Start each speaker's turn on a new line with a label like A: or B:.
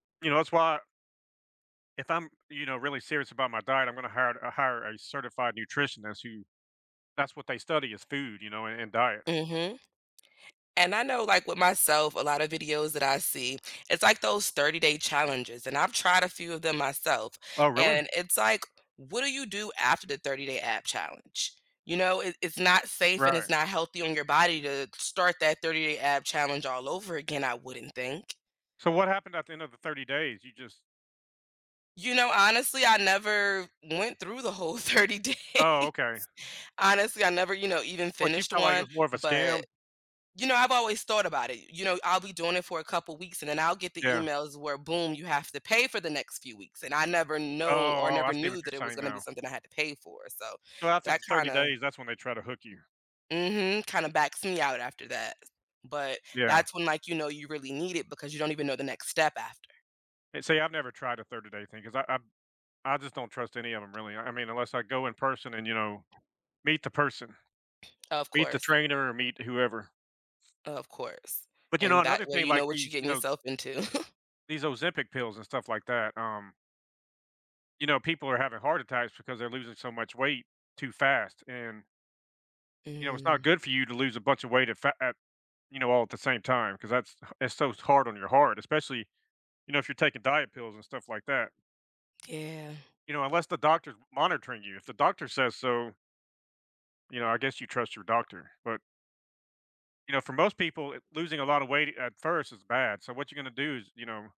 A: You know, that's why if I'm, you know, really serious about my diet, I'm gonna hire hire a certified nutritionist who, that's what they study is food, you know, and, and diet.
B: Mhm. And I know, like, with myself, a lotta videos that I see, it's, like, those 30 day challenges and I've tried a few of them myself
A: Oh, really?
B: and it's, like, what do you do after the 30 day ab challenge? You know, it it's not safe and it's
A: Right.
B: not healthy on your body to start that 30 day ab challenge all over again, I wouldn't think.
A: So what happened at the end of the 30 days? You just
B: You know, honestly, I never went through the whole 30 days.
A: Oh, OK.
B: Honestly, I never, you know, even
A: But you
B: finished
A: felt like it
B: one,
A: was more of a scam?
B: but, you know, I've always thought about it, you know, I'll be doing it for a couple weeks and then I'll get the
A: Yeah.
B: emails where boom, you have to pay for the next few weeks and I never
A: Oh,
B: know or
A: oh, oh, I
B: never
A: see what
B: knew
A: you're
B: that it was
A: saying
B: gonna be
A: now.
B: something I had to pay for, so
A: So after the
B: that
A: 30
B: kinda
A: days, that's when they try to hook you.
B: Mhm. Kinda backs me out after that, but
A: Yeah.
B: that's when, like, you know, you really need it because you don't even know the next step after.
A: And see, I've never tried a 30 day thing because I I I just don't trust any of 'em, really. I mean, unless I go in person and, you know, meet the person.
B: Of
A: Meet the
B: course.
A: trainer or meet whoever.
B: Of course,
A: But you know,
B: and that
A: another
B: way
A: thing,
B: you
A: like,
B: know what you're
A: these, you
B: getting
A: know
B: yourself into.
A: these Ozempic pills and stuff like that, um You know, people are having heart attacks because they're losing so much weight too fast and you know, it's not
B: Mm.
A: good for you to lose a bunch of weight at f at, you know, all at the same time 'cause that's, it's so hard on your heart, especially, you know, if you're taking diet pills and stuff like that.
B: Yeah.
A: You know, unless the doctor's monitoring you, if the doctor says so you know, I guess you trust your doctor, but you know, for most people, losing a lotta weight at first is bad. So what you're gonna do is, you know